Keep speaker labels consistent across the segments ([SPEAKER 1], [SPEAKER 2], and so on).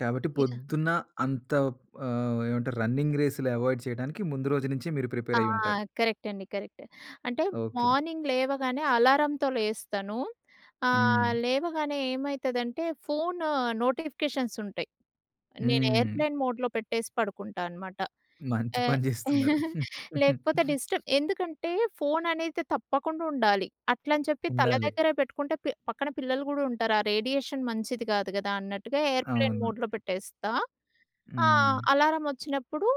[SPEAKER 1] కాబట్టి
[SPEAKER 2] యాహ్!
[SPEAKER 1] పొద్దున్న అంత ప్ ఆహ్, ఏమంటారు? రన్నింగ్ రేసులు అవాయిడ్ చేయడానికి, ముందు రోజు నుంచే మీరు
[SPEAKER 2] ఆ!
[SPEAKER 1] ప్రిపేర్ అయ్యుంటారు.
[SPEAKER 2] కరెక్ట్ అండి, కరెక్ట్. అంటే
[SPEAKER 1] ఓకే.
[SPEAKER 2] మార్నింగ్ లేవగానే అలారంతో లేస్తాను. ఆహ్,
[SPEAKER 1] హ్మ్.
[SPEAKER 2] లేవగానే ఏమైతదంటే ఫోను నోటిఫికేషన్స్ ఉంటయి. నేను
[SPEAKER 1] హ్మ్.
[SPEAKER 2] ఏర్‌ప్లేన్ మోడ్‌లో పెట్టేసి పడుకుంటా అనమాట.
[SPEAKER 1] మంచి
[SPEAKER 2] ఎహ్
[SPEAKER 1] పని జేస్తున్నారు
[SPEAKER 2] లేకపోతే, డిస్టర్బ్ ఎందుకంటే ఫోన్ అనేది తప్పకుండా ఉండాలి. అట్లని చెప్పి తల
[SPEAKER 1] ఉండాలి.
[SPEAKER 2] దగ్గర పెట్టుకుంటే పె పక్కన పిల్లలు గూడా ఉంటారు. ఆ రేడియేషన్ మంచిది గాదు గదా! అన్నట్టుగా ఏర్‌ప్లేన్
[SPEAKER 1] అవును.
[SPEAKER 2] మోడ్‌లో పెట్టేస్తా. ఆ!
[SPEAKER 1] హ్మ్.
[SPEAKER 2] అలారం ఒచ్చినప్పుడు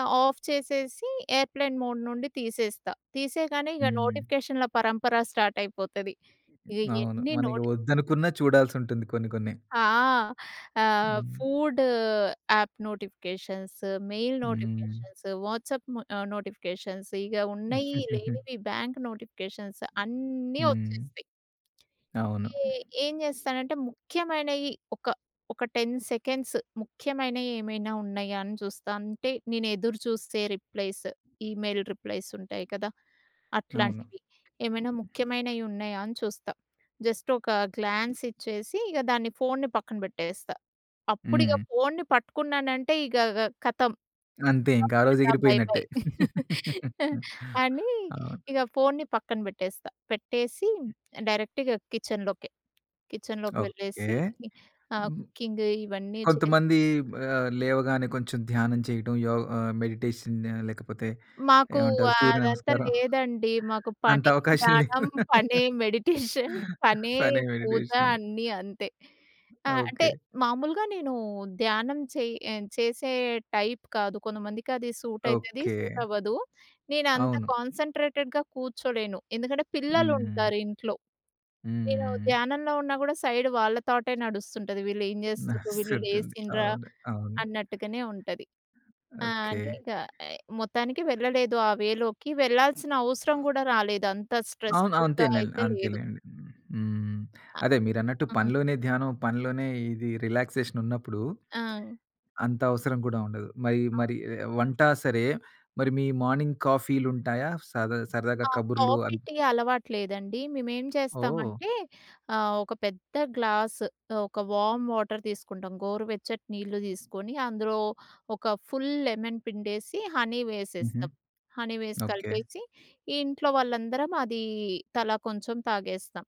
[SPEAKER 2] ఆహ్, ఆఫ్ చేసేసి ఏర్‌ప్లేన్ మోడ్ నుండి తీసేస్తా. తీసేయగానే ఇగ
[SPEAKER 1] హ్మ్.
[SPEAKER 2] నోటిఫికేషన్‌ల పరంపర స్టార్ట్ అయిపోతది. ఇగ
[SPEAKER 1] అవును.
[SPEAKER 2] ఎన్ని
[SPEAKER 1] మనకి
[SPEAKER 2] నోటి
[SPEAKER 1] ఒద్దనుకున్న చూడాల్సుంటుంది కొన్ని, కొన్ని.
[SPEAKER 2] ఆ! ఆహ్,
[SPEAKER 1] హ్మ్.
[SPEAKER 2] ఫుడ్ యాప్ నోటిఫికేషన్స్, మెయిల్
[SPEAKER 1] హ్మ్.
[SPEAKER 2] నోటిఫికేషన్స్, వాట్సాప్ మ ఆహ్, నోటిఫికేషన్స్ ఇగ ఉన్నయి, లేనివి బాంక్ నోటిఫికేషన్స్ అన్నీ
[SPEAKER 1] హ్మ్.
[SPEAKER 2] ఒచ్చేస్తాయి.
[SPEAKER 1] అవును.
[SPEAKER 2] ఏ ఏం జేస్తానంటే ముఖ్యమైనయి, ఒక ఒక 10 సెకండ్స్ ముఖ్యమైనయి ఏమైనా ఉన్నయా అని చూస్తా. అంటే, నేను ఎదురుచూస్తే రిప్లైస్. ఈమెయిల్ రిప్లైస్ ఉంటాయి కదా!
[SPEAKER 1] అవును.
[SPEAKER 2] అట్లాంటివి. ఏమైనా ముఖ్యమైనయి ఉన్నయా అని చూస్తా. జస్ట్ ఒక గ్లాన్స్ ఇచ్చేసి, ఇగ దాన్ని ఫోన్ని పక్కన బెట్టేస్తా. అప్పుడు ఇగ
[SPEAKER 1] హ్మ్.
[SPEAKER 2] ఫోన్ని పట్టుకున్నానంటే ఇగ గ కతం.
[SPEAKER 1] అంతే ఇంక
[SPEAKER 2] కతం
[SPEAKER 1] ఆ రోజు
[SPEAKER 2] టాటా బై, బై
[SPEAKER 1] ఎగిరిపోయినట్టే.
[SPEAKER 2] అనీ,
[SPEAKER 1] అవును.
[SPEAKER 2] ఇగ ఫోనుని పక్కన బెట్టేస్తా. పెట్టేసి డైరెక్ట్‌గా కిచెన్‌లోకే, కిచెన్‌లోకి
[SPEAKER 1] ఓకే.
[SPEAKER 2] వెళ్ళేసి ఆహ్,
[SPEAKER 1] హుహు.
[SPEAKER 2] కుకింగ్ ఇవన్నీ చేసి
[SPEAKER 1] కొంతమంది బ ఆహ్, లేవగానే కొంచెం ధ్యానం చేయడం, యోగ్ ఆహ్, మెడిటేషన్ లేకపోతే,
[SPEAKER 2] మాకు
[SPEAKER 1] ఏమంటారు
[SPEAKER 2] అ-అదంతా
[SPEAKER 1] సూర్యనమస్కారం.
[SPEAKER 2] లేదండి. మాకు
[SPEAKER 1] అంత
[SPEAKER 2] పనే
[SPEAKER 1] అవకాశం లేవు.
[SPEAKER 2] ధ్యానం, పనే మెడిటేషన్. పనే
[SPEAKER 1] పనే
[SPEAKER 2] పూజ
[SPEAKER 1] మెడిటేషన్
[SPEAKER 2] అన్నీ అంతే. ఆహ్, అంటే,
[SPEAKER 1] ఓకే.
[SPEAKER 2] మామూలుగా నేను ధ్యానం చెయ్ ఆహ్, చేసే టైప్ కాదు. కొంతమందికి అది సూటయితది,
[SPEAKER 1] ఓకే.
[SPEAKER 2] సూటవ్వదు. నేను అంత
[SPEAKER 1] అవును.
[SPEAKER 2] కాన్స‌న్‌ట్రేటెడ్‌గా కూర్చోలేను. ఎందుకంటే
[SPEAKER 1] హ్మ్.
[SPEAKER 2] పిల్లలుంటారు ఇంట్లో. నేనూ
[SPEAKER 1] హ్మ్.
[SPEAKER 2] ధ్యానంలో ఉన్నా గూడా సైడ్ వాళ్ళతాటే నడుస్తుంటది. వీళ్ళేం జేస్తుండ్రు, వీళ్ళు
[SPEAKER 1] నడుస్తుంటుంది.
[SPEAKER 2] లేసిండ్రా
[SPEAKER 1] అవును. అవును.
[SPEAKER 2] అన్నట్టుగనే ఉంటది. ఆ!
[SPEAKER 1] ఓకే.
[SPEAKER 2] అని ఇక ఆహ్, మొత్తానికి వెళ్ళలేదు ఆ వే లోకి. వెళ్ళాల్సిన అవసరం గూడా రాలేదు. అంత
[SPEAKER 1] అవును.
[SPEAKER 2] స్ట్రెస్‌ఫుల్‌గా
[SPEAKER 1] అంతేలెండి.
[SPEAKER 2] అయితే లేదు.
[SPEAKER 1] అంతేలెండి. హ్మ్. అదే మీరన్నట్టు
[SPEAKER 2] హుహు.
[SPEAKER 1] పనిలోనే ధ్యానం, పనిలోనే ఇది రిలాక్సేషన్ ఉన్నప్పుడు
[SPEAKER 2] ఆ!
[SPEAKER 1] అంత అవసరం గూడా ఉండదు. మరి
[SPEAKER 2] అవ్
[SPEAKER 1] మరి ఎ వంట సరే. మరి మీ మార్నింగ్ కాఫీలు ఉంటాయా? సదా సరదాగా
[SPEAKER 2] ఆ!
[SPEAKER 1] కబుర్లు
[SPEAKER 2] కాఫీ,
[SPEAKER 1] అన్
[SPEAKER 2] టీ అలవాటు లేదండి. మేమేం
[SPEAKER 1] ఓహ్!
[SPEAKER 2] చేస్తామంటే ఆహ్, ఒక పెద్ద గ్లాస్ ఆహ్, ఒక వార్మ్ వాటర్ తీసుకుంటాం. గోరువెచ్చటి నీళ్లు తీసుకొని అందులో ఒక ఫుల్ లెమన్ పిండేసి, హనీ
[SPEAKER 1] హుహు.
[SPEAKER 2] వేసేస్తాం. హనీ వేసి
[SPEAKER 1] ఓకే.
[SPEAKER 2] కలిపేసి, ఇంట్లో వాళ్ళందరం అది తలా కొంచెం తాగేస్తాం.